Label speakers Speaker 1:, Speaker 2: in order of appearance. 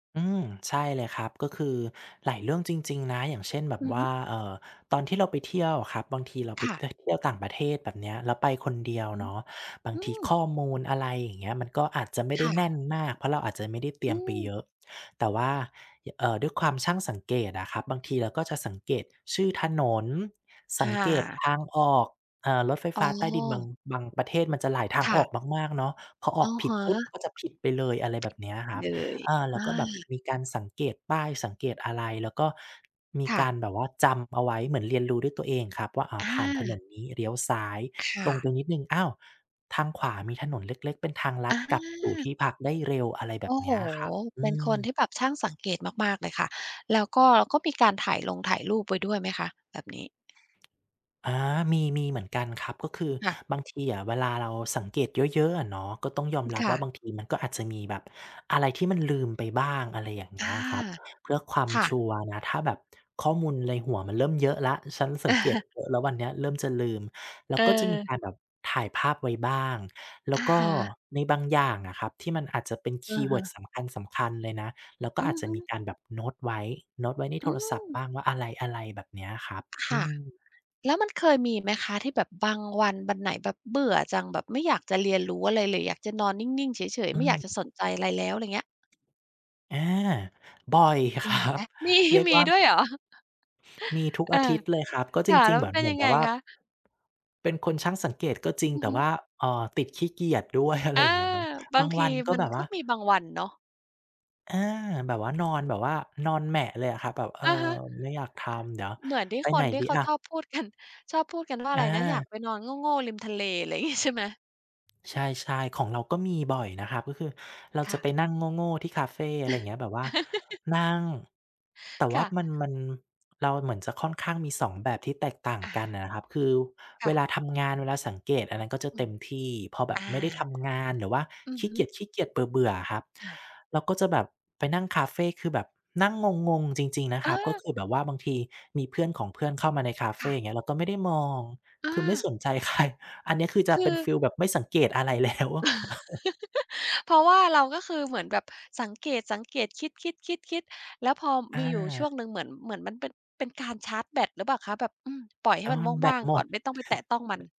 Speaker 1: อืม ใช่เลยครับ ก็คือหลายเรื่องจริง ๆ นะ อย่างเช่นแบ
Speaker 2: อ
Speaker 1: บ
Speaker 2: ือ
Speaker 1: ว
Speaker 2: ฮ
Speaker 1: ่
Speaker 2: ึ
Speaker 1: า เอ่อ ตอนที่เราไปเที่ยวครับ บางทีเราไ
Speaker 2: ค
Speaker 1: ป
Speaker 2: ่ะ
Speaker 1: ท เที่ยวต่างประเทศ แบบเนี้ย แล้วไปคนเดียว
Speaker 2: อือฮ
Speaker 1: เ
Speaker 2: ึ
Speaker 1: นาะ บา
Speaker 2: อ
Speaker 1: ง
Speaker 2: ื
Speaker 1: ทีข
Speaker 2: ม
Speaker 1: ้อมูล อะไรอย่างเงี้ย มันก็อาจจะไม่
Speaker 2: ค
Speaker 1: ได้
Speaker 2: ่
Speaker 1: แน
Speaker 2: ะ
Speaker 1: ่นมาก เพราะเราอาจจะไม่ได้เต
Speaker 2: อ
Speaker 1: รี
Speaker 2: ื
Speaker 1: ยมไปเย
Speaker 2: ม
Speaker 1: อะ แต่ว่า ย เอ่อ ด้วยความช่างสังเกตอะครับ บางทีเราก็จะสังเกตชื่อถนน ส
Speaker 2: อ
Speaker 1: ังเกต
Speaker 2: า
Speaker 1: ทางออก เอ่อ รถไฟ
Speaker 2: อ๋
Speaker 1: ฟ
Speaker 2: อ
Speaker 1: ้าใต้ดินบาง บางประเทศมันจะหลายทา
Speaker 2: ค
Speaker 1: ง
Speaker 2: ่
Speaker 1: อ
Speaker 2: ะ
Speaker 1: อกมาก ๆ เนาะ พออ
Speaker 2: อ
Speaker 1: อ
Speaker 2: ะ
Speaker 1: กผ
Speaker 2: ฮ
Speaker 1: ิดปุ๊บ
Speaker 2: ะ
Speaker 1: ก็จะผิดไปเลย อะไรแบบเนี้ยคร
Speaker 2: เ
Speaker 1: ั
Speaker 2: ด
Speaker 1: บ
Speaker 2: ย
Speaker 1: อา แล
Speaker 2: อ
Speaker 1: ้วก็แบบ
Speaker 2: า
Speaker 1: มีการสังเกตป้าย สังเกตอะไร แล้วก็ มี
Speaker 2: ค่
Speaker 1: กา
Speaker 2: ะ
Speaker 1: รแบบว่าจำเอาไว้ เหมือนเรียนรู้ด้วยตัวเองครับว่า อ่า
Speaker 2: อ
Speaker 1: ผ่านถน
Speaker 2: า
Speaker 1: นนี้เลี้ยวซ้าย
Speaker 2: ค่
Speaker 1: ตรง
Speaker 2: ะ
Speaker 1: ไปนิดหนึ่ง อ้าว ทางขวามีถนนเล็ก ๆ เป็นทางลั
Speaker 2: อ
Speaker 1: ด
Speaker 2: า
Speaker 1: กลับสู่ที่พักได้เร็ว อะไรแ
Speaker 2: โ
Speaker 1: บ
Speaker 2: อ
Speaker 1: บ
Speaker 2: ้
Speaker 1: เ
Speaker 2: โ
Speaker 1: น
Speaker 2: ฮ
Speaker 1: ี้ยครับ อ
Speaker 2: เป
Speaker 1: ื
Speaker 2: ็นคน
Speaker 1: ม
Speaker 2: ที่แบบช่างสังเกตมาก ๆ เลยค่ะ แล้วก็ ก็มีการถ่ายลงถ่ายรูปไว้ด้วยไหมคะแบบนี้?
Speaker 1: อา มี มีเหมือนกันครับ ก็คือ
Speaker 2: ค่ะ
Speaker 1: บางทีอะเวลาเราสังเกตเยอะ ๆ อะเนาะ ก็ต้องยอ
Speaker 2: อ
Speaker 1: ม
Speaker 2: ืม
Speaker 1: รั
Speaker 2: ค
Speaker 1: บ
Speaker 2: ่
Speaker 1: ว่า
Speaker 2: ะ
Speaker 1: บางทีมันก็อาจจะมีแบบอะไรที่มันลืมไปบ้าง อะไรอย่างเ
Speaker 2: อ
Speaker 1: งี
Speaker 2: า
Speaker 1: ้ยครับ เพื่อความ
Speaker 2: ค่
Speaker 1: ช
Speaker 2: ะ
Speaker 1: ัวร์นะ ถ้าแบบข้อมูลในหัวมันเริ่มเยอะแล้ว ฉันสังเกตเยอะแล้ววันเนี้ย เริ่มจะลืม เราก็จะมีก
Speaker 2: เออ
Speaker 1: ารแบบถ่ายภาพไว้บ้าง แล้
Speaker 2: อ
Speaker 1: ว
Speaker 2: ะ
Speaker 1: ก็
Speaker 2: ฮะ
Speaker 1: ในบางอย่างอะครับ ที่มันอาจจะเป็นค
Speaker 2: อ
Speaker 1: ี
Speaker 2: ะ
Speaker 1: ย์เว
Speaker 2: ฮ
Speaker 1: ิร์ด
Speaker 2: ะ
Speaker 1: สำคัญ ๆ เลยนะ เราก็
Speaker 2: อื
Speaker 1: อาจ
Speaker 2: อ
Speaker 1: จะ
Speaker 2: ฮึ
Speaker 1: มีการแบบโน้ตไว้ โน้ตไว้ใน
Speaker 2: อ
Speaker 1: โ
Speaker 2: ื
Speaker 1: ทรศัพท์
Speaker 2: ม
Speaker 1: บ้างว่าอะไร ๆ แบบเนี้ยครับ
Speaker 2: ค
Speaker 1: อื
Speaker 2: ่ะ
Speaker 1: ม
Speaker 2: แล้วมันเคยมีไหมคะที่แบบบางวัน วันไหนแบบเบื่อจัง แบบไม่อยากจะเรียนรู้อะไรเลย อยากจะนอนนิ่ง ๆ เฉย
Speaker 1: อ
Speaker 2: ๆ
Speaker 1: ื
Speaker 2: ไม่อยากจะ
Speaker 1: ม
Speaker 2: สนใจอะไรแล้ว ไรเงี้ย?
Speaker 1: อา บ่อย ค
Speaker 2: มี
Speaker 1: รั
Speaker 2: ไหม?
Speaker 1: บ
Speaker 2: มี
Speaker 1: เรียก
Speaker 2: มี
Speaker 1: ว่า
Speaker 2: ด้วยเหรอ?
Speaker 1: มีทุก
Speaker 2: อ
Speaker 1: อ
Speaker 2: า
Speaker 1: าทิตย์เลยครับ ก็
Speaker 2: ค
Speaker 1: จ
Speaker 2: ่ะ
Speaker 1: ร
Speaker 2: แ
Speaker 1: ิ
Speaker 2: ล้
Speaker 1: ง
Speaker 2: ว
Speaker 1: ๆ เ
Speaker 2: ม
Speaker 1: ห
Speaker 2: ั
Speaker 1: มื
Speaker 2: น
Speaker 1: อน
Speaker 2: เป็
Speaker 1: เ
Speaker 2: น
Speaker 1: หมื
Speaker 2: ย
Speaker 1: อ
Speaker 2: ั
Speaker 1: น
Speaker 2: ง
Speaker 1: แบ
Speaker 2: ไง
Speaker 1: บว่า
Speaker 2: คะ?
Speaker 1: เป็นคนช่างสังเกตก็จริง
Speaker 2: อื
Speaker 1: แ
Speaker 2: อ
Speaker 1: ต่
Speaker 2: ฮึ
Speaker 1: ว่า เอ่อ ติดขี้เกียจด้วย อะไ
Speaker 2: อ
Speaker 1: ร
Speaker 2: า
Speaker 1: อย่างเงี้ยเนาะ
Speaker 2: บา
Speaker 1: บา
Speaker 2: ง
Speaker 1: ง
Speaker 2: ที
Speaker 1: วันก็
Speaker 2: มัน
Speaker 1: แบบ
Speaker 2: ก
Speaker 1: ว
Speaker 2: ็
Speaker 1: ่า
Speaker 2: มีบางวันเนาะ
Speaker 1: อา แบบว่า นอนแบบว่า นอนแหมะเลยอะครับ แบบ เออ
Speaker 2: อะฮะ
Speaker 1: ไม่อยากทำ เดี๋ยว
Speaker 2: เหมือนที่
Speaker 1: ไป
Speaker 2: ค
Speaker 1: ไหน
Speaker 2: นที่
Speaker 1: ดี
Speaker 2: เขา
Speaker 1: ล่ะ?
Speaker 2: ชอบพูด กัน ชอบพูดกันว่า
Speaker 1: อ
Speaker 2: ไรนะ อยา
Speaker 1: า
Speaker 2: กไปนอนโง่ ๆ ริมทะเล อะไร งี้ ใช่ไหม?
Speaker 1: ใช่ ๆ ของเราก็มีบ่อยนะครับ ก็คือเรา
Speaker 2: ค
Speaker 1: จ
Speaker 2: ่
Speaker 1: ะ
Speaker 2: ะ
Speaker 1: ไปนั่งโง่ ๆ ที่คาเฟ อะไรเงี้ย แบบว่านั่ง แต่ว
Speaker 2: ค
Speaker 1: ่า
Speaker 2: ่ะ
Speaker 1: มัน มัน เราเหมือนจะค่อนข้างมี 2 แบบที่แตกต่าง
Speaker 2: อ
Speaker 1: กัน
Speaker 2: า
Speaker 1: อะนะครับ คือ
Speaker 2: ค
Speaker 1: เ
Speaker 2: ่
Speaker 1: ว
Speaker 2: ะ
Speaker 1: ลาทำงาน เวลาสังเกต อันนั้นก็จะ
Speaker 2: อื
Speaker 1: เต็
Speaker 2: ม
Speaker 1: มที่ พอแบ
Speaker 2: อ
Speaker 1: บ
Speaker 2: า
Speaker 1: ไม่ได้ทำงาน หรือว่า
Speaker 2: อื
Speaker 1: ข
Speaker 2: อ
Speaker 1: ี
Speaker 2: ฮ
Speaker 1: ้เ
Speaker 2: ึ
Speaker 1: กียจ ๆ เบื่อ ๆ อะครับ
Speaker 2: อา
Speaker 1: เราก็จะแบบไปนั่งคาเฟ คือแบบนั่งงง ๆ จริง ๆ นะค
Speaker 2: อ
Speaker 1: รับ ก็
Speaker 2: า
Speaker 1: คือแบบว่าบางทีมีเพื่อนของเพื่อนเข้ามาในคาเ
Speaker 2: ค
Speaker 1: ฟ
Speaker 2: ่ะ
Speaker 1: อย่างเงี้ย เราก็ไม่ได้มอง
Speaker 2: อ
Speaker 1: คือไม่
Speaker 2: า
Speaker 1: สนใจ ใคร อันนี้คือจ
Speaker 2: ค
Speaker 1: ะ
Speaker 2: ื
Speaker 1: เป็
Speaker 2: อ
Speaker 1: นฟีลแบบไม่สังเกตอะไร แล้ว
Speaker 2: เพราะว่าเราก็คือเหมือนแบบสังเกต ๆ คิด ๆ ๆ ๆ แล้วพอ
Speaker 1: อ
Speaker 2: มีอยู่ช่วง
Speaker 1: า
Speaker 2: หนึ่งเหมือน เหมือนมันเป็น เป็นการชาร์จแบตหรือเปล่าคะ? แบบ อืม ปล่อยให
Speaker 1: เ
Speaker 2: ้
Speaker 1: ออ
Speaker 2: มัน
Speaker 1: แบ
Speaker 2: ว่
Speaker 1: ต
Speaker 2: าง
Speaker 1: หม
Speaker 2: ๆ ก่อ
Speaker 1: ด
Speaker 2: น ไม่ต้องไปแตะต้องมัน